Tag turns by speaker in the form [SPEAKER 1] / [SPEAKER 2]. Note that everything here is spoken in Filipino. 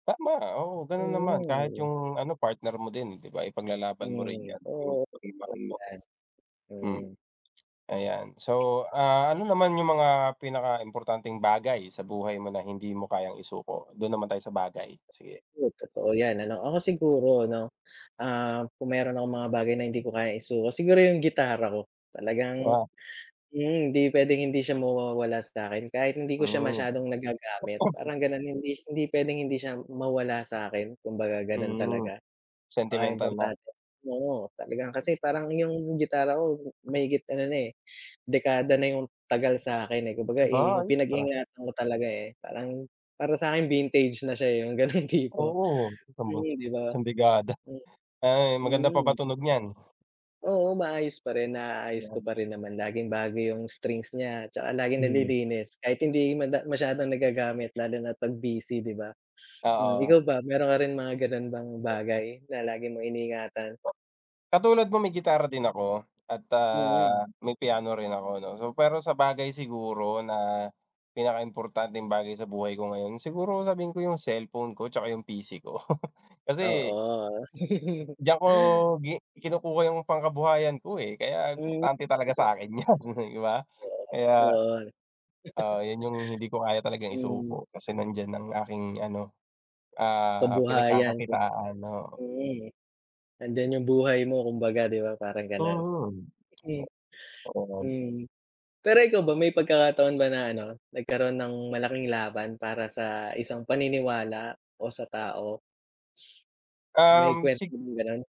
[SPEAKER 1] Tama. Oo, gano'n naman, kahit
[SPEAKER 2] Mm.
[SPEAKER 1] 'yung ano, partner mo din, di ba, ipaglalaban mo rin
[SPEAKER 2] Mm.
[SPEAKER 1] 'yan, 'yung
[SPEAKER 2] Oo, totoo,
[SPEAKER 1] pagmamahal mo.
[SPEAKER 2] ganiyan.
[SPEAKER 1] Mm.
[SPEAKER 2] Mm.
[SPEAKER 1] Ayan, so, ah, ano naman 'yung mga pinakaimportanteng bagay sa buhay mo na hindi mo kayang isuko? Do'n naman tayo sa bagay, sige.
[SPEAKER 2] Oh, totoo 'yan ano. Ako siguro ano, ah, kung meron akong mga bagay na hindi ko kayang isuko, siguro 'yung gitara ko. Talagang
[SPEAKER 1] Oo.
[SPEAKER 2] mm, hindi puwedeng hindi siya mawawala sa'kin kahit hindi ko siya
[SPEAKER 1] Hmm.
[SPEAKER 2] masyadong nagagamit parang gano'n, hindi hindi puwedeng hindi siya mawala sa'kin kumbaga gano'n
[SPEAKER 1] Hmm.
[SPEAKER 2] talaga.
[SPEAKER 1] Sentimental na.
[SPEAKER 2] Napakaimportante, oo, talagang kasi parang 'yung gitara ko mahigit ano na, eh, dekada na 'yung tagal sa'kin, eh, kumbaga, i i
[SPEAKER 1] Aba,
[SPEAKER 2] 'yung
[SPEAKER 1] ayos, ah.
[SPEAKER 2] pinag-ingatan ko talaga, eh, parang, para sa'kin vintage na siya, eh, 'yung gano'ng tipo.
[SPEAKER 1] Oo, isang buwan,
[SPEAKER 2] Mm, di ba?
[SPEAKER 1] isang dekada,
[SPEAKER 2] Mm,
[SPEAKER 1] ay maganda pa ba
[SPEAKER 2] Mm.
[SPEAKER 1] tunog niyan?
[SPEAKER 2] Oo, maayos pa rin. Naaayos ko
[SPEAKER 1] 'Yan.
[SPEAKER 2] parin naman laging bago 'yung strings niya, 'tsaka laging
[SPEAKER 1] Mhm.
[SPEAKER 2] nalilinis, kahit hindi mada masyadong nagagamit lalo na't 'pag busy, di ba? Hmm,
[SPEAKER 1] Oo.
[SPEAKER 2] ikaw ba meron ka rin mga gano'n bang bagay na lagi mong iniingatan?
[SPEAKER 1] Po katulad no'ng may gitara din ako, at,
[SPEAKER 2] Mm.
[SPEAKER 1] ah, may piano rin ako 'no. So pero sabagay siguro na pinakaimportanteng bagay sa buhay ko ngayon, siguro sabihin ko 'yung cellphone ko, 'tsaka 'yung PC ko. Kasi
[SPEAKER 2] Oo.
[SPEAKER 1] Diyan ko gi kinukuha 'yung pangkabuhayan ko, eh, kaya
[SPEAKER 2] Mm,
[SPEAKER 1] importante talaga
[SPEAKER 2] totoo.
[SPEAKER 1] sa'kin 'yan, di ba?
[SPEAKER 2] Oo,
[SPEAKER 1] Kaya,
[SPEAKER 2] oo.
[SPEAKER 1] ah, 'yun 'yung hindi ko kaya talagang
[SPEAKER 2] Mm.
[SPEAKER 1] isuko, kasi nandiyan ang aking ano, ah,
[SPEAKER 2] Kabuhayan kum
[SPEAKER 1] pinagkakakitaan, oo.
[SPEAKER 2] mm. Nandiyan 'yung buhay mo kumbaga 'di ba, parang gano'n.
[SPEAKER 1] Mhm. Ah,
[SPEAKER 2] Mm.
[SPEAKER 1] para lang
[SPEAKER 2] Mm. Pero ikaw ba may pagkakataon ba na ano, nagkaroon ng malaking laban para sa isang paniniwala o sa tao? May
[SPEAKER 1] Um,
[SPEAKER 2] kuwento
[SPEAKER 1] sig
[SPEAKER 2] ka bang gano'n?